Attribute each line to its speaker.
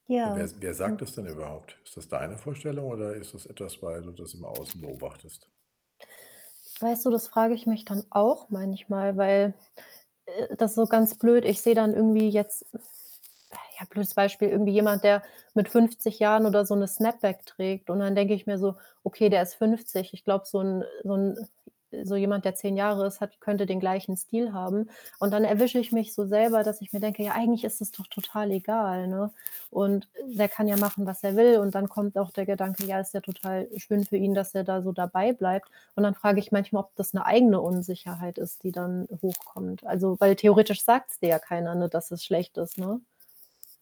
Speaker 1: Wer
Speaker 2: Ja.
Speaker 1: s wer sagt
Speaker 2: [unintelligible]
Speaker 1: das denn überhaupt? Ist das deine Vorstellung oder ist das etwas, weil du das im Außen beobachtest?
Speaker 2: Weißt du, das frage ich mich dann auch manchmal, weil, äh, das ist so ganz blöd. Ich sehe dann irgendwie jetzt ja, blödes Beispiel, irgendwie jemand, der mit 50 Jahren oder so 'ne Snapback trägt und dann denke ich mir so: „Okay, der ist 50. Ich glaube, so 'n, äh so 'n so jemand, der 10 Jahre ist, hat könnte den gleichen Stil haben.“ Und dann erwische ich mich so selber, dass ich mir denke: „Ja, eigentlich ist es doch total egal“, ne, und der kann ja machen, was er will und dann kommt auch der Gedanke: „Ja, ist ja total schön für ihn, dass er da so dabei bleibt.“ Und dann frage ich manchmal, ob das 'ne eigene Unsicherheit ist, die dann hochkommt. Also, weil theoretisch sagt's dir ja keiner, ne, dass es schlecht ist, ne?